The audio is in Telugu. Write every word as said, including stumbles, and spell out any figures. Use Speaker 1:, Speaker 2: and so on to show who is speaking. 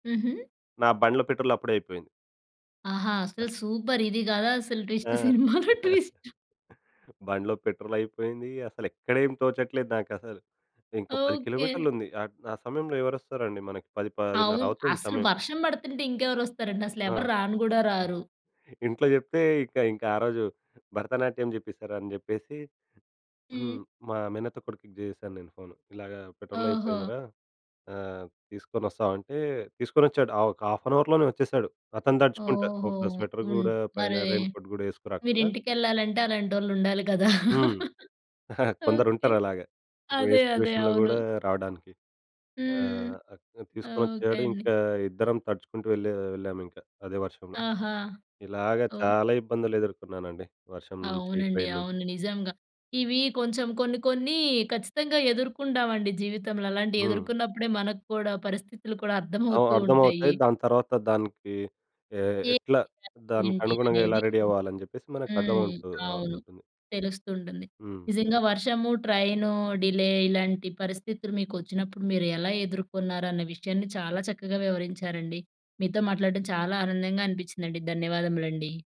Speaker 1: హుహు.
Speaker 2: నా బండ్ల పెట్రోల్ అప్పుడే అయిపోయింది.
Speaker 1: ఆహా! అసలు సూపర్! ఇది గదా! అసలు ట్విస్ట్
Speaker 2: ఆ!
Speaker 1: సినిమాలో ట్విస్ట్.
Speaker 2: బండ్లో పెట్రోల్ అయిపోయింది. అస‌లెక్క‌డేం తోచట్లేదు నాకసలు. ఇంకో పది
Speaker 1: ఓకే.
Speaker 2: కిలోమీటర్లు ఉంది ఆహ్, ఆ సమయంలో ఎవరు వస్తారండి మనకి పది పదిన్నర
Speaker 1: అవును.
Speaker 2: అవుతుంది
Speaker 1: అసలు
Speaker 2: సమయం.
Speaker 1: వర్షం పడుతుంటే ఇంకెవరు వస్తారండి. అసలు
Speaker 2: ఆ!
Speaker 1: ఎవరు రాను గూడా రారు.
Speaker 2: ఇంట్లో జెప్తే ఇక ఇంకా ఆరోజు భరతనాట్యం జేప్పేసారు అని చెప్పేసి. హ్మ్.
Speaker 1: హ్మ్.
Speaker 2: మా మేనత్త కొడుకుకి జేశాను నేను ఫోన్. ఇలాగ పెట్రోల్
Speaker 1: ఓహో!
Speaker 2: అయిపోయిందిరా ఆహ్, తీసుకొని వస్తావా? అంటే తీసుకొచ్చాడు. ఆహ్, ఒక హాఫ్ అన్ అవర్‌లోనే వచ్చేసాడు. అతను తడుచుకుంటా
Speaker 1: ఓహో!
Speaker 2: ఒక స్వెటర్
Speaker 1: హ్మ్.
Speaker 2: గూడా పైన
Speaker 1: మరి
Speaker 2: రెయిన్ కోట్ గూడా యేసుకురాకుండా.
Speaker 1: మీరింటికెళ్ళాలంటే అలాంటోళ్ళు ఉండాలి గదా!
Speaker 2: హ్మ్.
Speaker 1: ఓకే.
Speaker 2: కొందరుంటారు అలాగ. ఇప్పు‌డే
Speaker 1: అదే. అదే.
Speaker 2: సిట్యుయేషన్‌లో
Speaker 1: అవును.
Speaker 2: గూడా రావడానికి. ఆ!
Speaker 1: హ్మ్. ఓకే
Speaker 2: తీసుకొచ్చాడు.
Speaker 1: అండి.
Speaker 2: ఇంకా ఇద్దరం తడుచుకుంటూ వేళ్ళె వెళ్ళాము ఇంక అదే వర్షంలో.
Speaker 1: ఆహా!
Speaker 2: ఇలాగ
Speaker 1: ఓహ్!
Speaker 2: చాలా ఇబ్బందులు ఎదుర్కున్నానండి. వర్షం నుంచి
Speaker 1: అవునండి.
Speaker 2: ట్రైన్ నుంచి.
Speaker 1: అవును. నిజంగా. ఇవి కొంచెం కొన్ని కొన్ని ఖచ్చితంగా ఎదుర్కొంటామండి జీవితంలో. అలాంటియి
Speaker 2: హ్మ్.
Speaker 1: ఎదుర్కున్నప్పుడే మనకి కూడా పరిస్థితులు కూడా
Speaker 2: ఆ!
Speaker 1: అర్థమవుతూ
Speaker 2: అర్థమవుతాయి.
Speaker 1: ఉంటాయి.
Speaker 2: దాని తర్వాత దానికి ఎ
Speaker 1: ఏంటి
Speaker 2: ఎట్లా
Speaker 1: అంటే ఏంటి
Speaker 2: దానికనుగుణంగా ఎలా
Speaker 1: అనేది.
Speaker 2: రెడీ అవ్వాలని జెప్పేసి
Speaker 1: హ్మ్.
Speaker 2: మనకర్థమవు‌తు ఆహ్,
Speaker 1: అవును.
Speaker 2: ఉంటుంది.
Speaker 1: తెలుస్తూంటుంది.
Speaker 2: హ్మ్.
Speaker 1: నిజంగా వర్షము ట్రైను డిలే ఇలాంటి పరిస్థితులు మీకు వచ్చినప్పుడు మీరు ఎలా ఎదుర్కొన్నారనే విషయాన్ని చాలా చక్కగా వివరించారండి. మీతో మాట్లాడటం చాలా ఆనందంగా అనిపిచ్చిందండి. ధన్యవాదములండి.